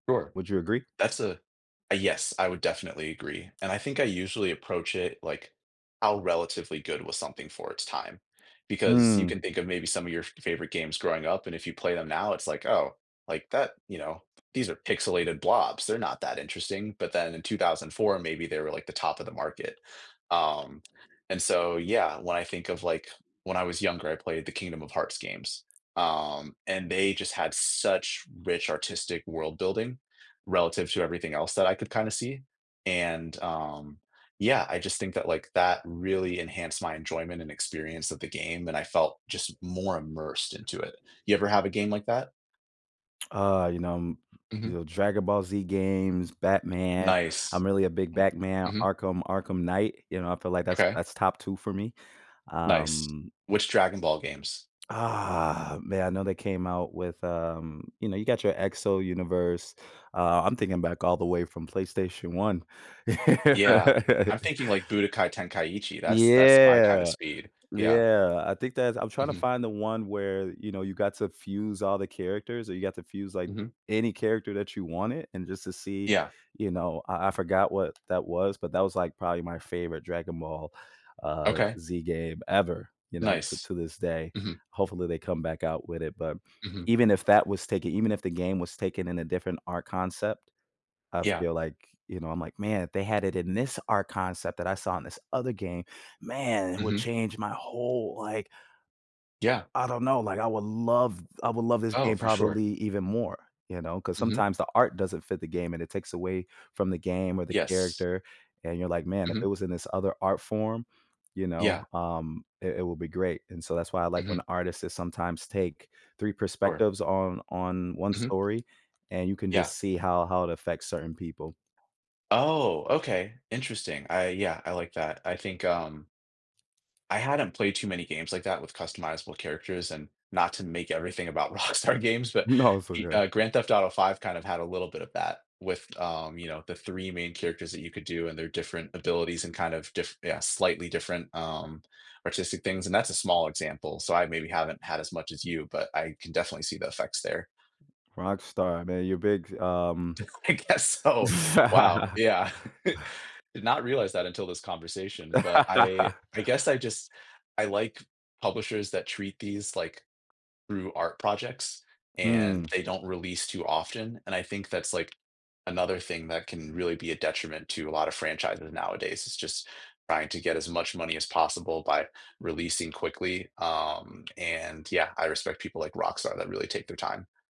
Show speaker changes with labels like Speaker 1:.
Speaker 1: Sure.
Speaker 2: Would you agree?
Speaker 1: That's a a yes, I would definitely agree. And I think I usually approach it, like, "How relatively good was something for its time?" Because, you
Speaker 2: Mm.
Speaker 1: can think of, maybe, some of your f favorite games growing up, and if you play them now, it's like, "Oh. Like, that" you know, "these are pixelated blobs, they're not that interesting," but then in 2004, maybe they were like the top of the market. Um, and so, yeah, when I think of like, when I was younger, I played the Kingdom of Hearts games, um, and they just had such rich artistic world building, relative to everything else that I could kinda see, and, um yeah, I just think that, like, that really enhanced my enjoyment and experience of the game, and I felt, just, more immersed into it. You ever have a game like that?
Speaker 2: Uh, you know, um you
Speaker 1: Mhm.
Speaker 2: know, Dragon Ball Z games, Batman.
Speaker 1: Nice.
Speaker 2: I'm really a big
Speaker 1: M
Speaker 2: Batman,
Speaker 1: mhm.
Speaker 2: Arkham Arkham Knight, you know, I feel like that's
Speaker 1: M'kay.
Speaker 2: that's top 2 for me.
Speaker 1: Nice.
Speaker 2: Um
Speaker 1: Which Dragon Ball games?
Speaker 2: Ah man, I know they came out with, um you know, you got your Exo Universe, uh, I'm thinking back all the way from PlayStation One.
Speaker 1: Yeah, I'm thinking, like, Budokai Tenkaichi, that's that's my kind of
Speaker 2: Yeah.
Speaker 1: speed. Yeah.
Speaker 2: Yeah, I think that's I'm trying to
Speaker 1: Mhm.
Speaker 2: find the one where, you know, you got to fuse all the characters or you got to fuse, like,
Speaker 1: Mhm.
Speaker 2: any character that you wanted, and just to see
Speaker 1: Yeah.
Speaker 2: you know, I I forgot what that was, but that was, like, probably my favorite Dragon Ball, uh,
Speaker 1: Okay.
Speaker 2: Z game ever, you know, c
Speaker 1: Nice.
Speaker 2: to this day.
Speaker 1: Mhm.
Speaker 2: Hopefully, they come back out with it, but
Speaker 1: Mhm.
Speaker 2: even if that was taken even if the game was taken in a different art concept, I
Speaker 1: Yeah.
Speaker 2: feel like you know, I'm like, "Man, if they had it in this art concept that I saw in this other game, man, it would
Speaker 1: Mhm.
Speaker 2: change my whole, like"
Speaker 1: Yeah.
Speaker 2: "I don't know, like, I would love I would love this
Speaker 1: Oh,
Speaker 2: game
Speaker 1: for sure.
Speaker 2: probably even more," you know? 'Cause
Speaker 1: Mhm.
Speaker 2: sometimes the art doesn't fit the game, and it takes away from the game, or the
Speaker 1: Yes.
Speaker 2: character, and you're like, "Man, if it
Speaker 1: Mhm.
Speaker 2: was in this other art form," you
Speaker 1: Yeah.
Speaker 2: know, um, "it it would be great." And so that's why I like when
Speaker 1: Mhm.
Speaker 2: the artists, they sometimes take 3
Speaker 1: Or
Speaker 2: perspectives on on 1
Speaker 1: Mhm.
Speaker 2: story, and you can
Speaker 1: Yeah.
Speaker 2: just see how how it affects certain people.
Speaker 1: Oh, okay. Interesting, I yeah, I like that. I think, um I hadn't played too many games like that, with customizable characters, and not to make everything about Rockstar games, but
Speaker 2: No, it's
Speaker 1: d
Speaker 2: okay.
Speaker 1: uh, Grand Theft Auto V kind of had a little bit of that, with, um, you know, the 3 main characters that you could do, and their different abilities and, kind of, diff yeah, slightly different, um, artistic things, and that's a small example, so I maybe haven't had as much as you, but I can definitely see the effects there.
Speaker 2: Rockstar, man, you're big, um
Speaker 1: D I guess so. Wow, yeah. Did not realize that until this conversation, but I I guess I just I like publishers that treat these, like, through art projects, and
Speaker 2: Hmm.
Speaker 1: they don't release too often, and I think that's, like, another thing that can really be a detriment to a lot of franchises nowadays, is just trying to get as much money as possible by releasing quickly. Um, and, yeah, I respect people like Rockstar that really take their time.